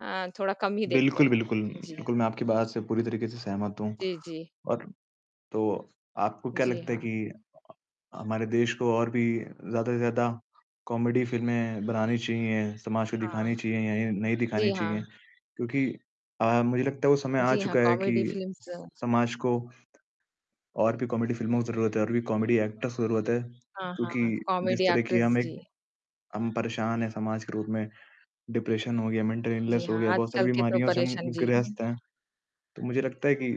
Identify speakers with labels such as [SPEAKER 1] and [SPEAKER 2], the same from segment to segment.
[SPEAKER 1] हाँ, थोड़ा कम ही देखते
[SPEAKER 2] बिल्कुल, बिल्कुल।
[SPEAKER 1] हैं। जी,
[SPEAKER 2] बिल्कुल,
[SPEAKER 1] हाँ।
[SPEAKER 2] मैं आपकी बात से पूरी तरीके से सहमत हूँ।
[SPEAKER 1] जी, जी।
[SPEAKER 2] और तो आपको क्या
[SPEAKER 1] जी,
[SPEAKER 2] लगता है
[SPEAKER 1] हाँ।
[SPEAKER 2] कि अ, हमारे देश को और भी ज़्यादा से ज़्यादा कॉमेडी फ़िल्में बनानी चाहिए, समाज को
[SPEAKER 1] हाँ।
[SPEAKER 2] दिखानी चाहिए या नहीं
[SPEAKER 1] जी,
[SPEAKER 2] दिखानी
[SPEAKER 1] हाँ।
[SPEAKER 2] चाहिए? क्योंकि अ, मुझे लगता है, वो समय आ
[SPEAKER 1] जी हाँ,
[SPEAKER 2] चुका है
[SPEAKER 1] कॉमेडी
[SPEAKER 2] कि
[SPEAKER 1] फिल्म्स।
[SPEAKER 2] स समाज को और भी कॉमेडी फ़िल्मों की ज़रूरत है, और भी कॉमेडी एक्टर्स की ज़रूरत है।
[SPEAKER 1] हाँ,
[SPEAKER 2] क्योंकि
[SPEAKER 1] हाँ,
[SPEAKER 2] जिस
[SPEAKER 1] कॉमेडी
[SPEAKER 2] तरह की
[SPEAKER 1] एक्ट्रेस,
[SPEAKER 2] हम एक
[SPEAKER 1] जी।
[SPEAKER 2] हम परेशान हैं समाज के रूप में। डिप्रेशन हो गया, मेंटल
[SPEAKER 1] जी,
[SPEAKER 2] इलनेस हो
[SPEAKER 1] हाँ,
[SPEAKER 2] गया,
[SPEAKER 1] आज
[SPEAKER 2] बहुत सारी
[SPEAKER 1] कल के तो
[SPEAKER 2] बीमारियों से हम
[SPEAKER 1] परेशान जी।
[SPEAKER 2] ग्रस्त हैं। तो मुझे लगता है कि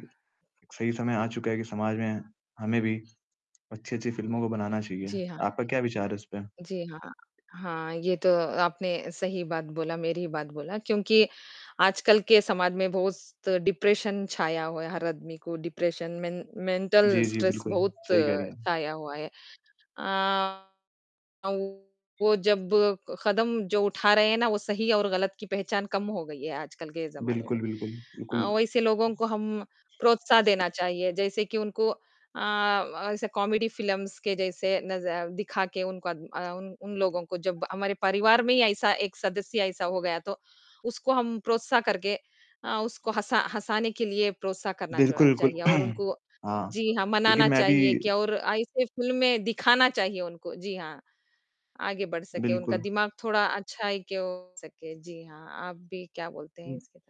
[SPEAKER 2] सही समय आ चुका है कि समाज में हमें भी अच्छी-अच्छी फ़िल्मों को बनाना चाहिए।
[SPEAKER 1] जी, हाँ।
[SPEAKER 2] आपका क्या विचार है इसपे?
[SPEAKER 1] जी, हाँ। हाँ, ये तो आपने सही बात बोला, मेरी ही बात बोला। क्योंकि आजकल के समाज में बहुत डिप्रेशन छाया हुआ है, हर आदमी को डिप्रेशन, मेन मेंटल
[SPEAKER 2] जी, जी,
[SPEAKER 1] स्ट्रेस
[SPEAKER 2] बिल्कुल,
[SPEAKER 1] बहुत
[SPEAKER 2] सही कह रही हैं आप।
[SPEAKER 1] छाया हुआ है। अ, वो जब क कदम, जो उठा रहे हैं ना, वो सही और गलत की पहचान कम हो गयी है आजकल के ज़माने में।
[SPEAKER 2] बिल्कुल, बिल्कुल, बिल्कुल।
[SPEAKER 1] वैसे लोगों को हम प्रोत्साह देना चाहिए, जैसे कि उनको अ, ऐसे कॉमेडी फिल्म्स के जैसे नज़ दिखा के उनका अ, उन उन लोगों को जब हमारे परिवार में ही ऐसा एक सदस्य ऐसा हो गया, तो उसको हम प्रोत्साह करके अ, उसको हँसा हँसाने के लिए प्रोत्साह करना
[SPEAKER 2] बिल्कुल,
[SPEAKER 1] चोड़ा
[SPEAKER 2] बिल्कुल।
[SPEAKER 1] चाहिए और उनको
[SPEAKER 2] हाँ,
[SPEAKER 1] जी, हाँ,
[SPEAKER 2] क्योंकि
[SPEAKER 1] मनाना
[SPEAKER 2] मैं भी
[SPEAKER 1] चाहिए और ऐसी फ़िल्में दिखाना चाहिए उनको। जी, हाँ। आगे बढ़ सके। उनका
[SPEAKER 2] बिल्कुल।
[SPEAKER 1] दिमाग थोड़ा अच्छाई की ओ सके। जी, हाँ। आप भी क्या बोलते हैं
[SPEAKER 2] हुँ।
[SPEAKER 1] इसके तरफ?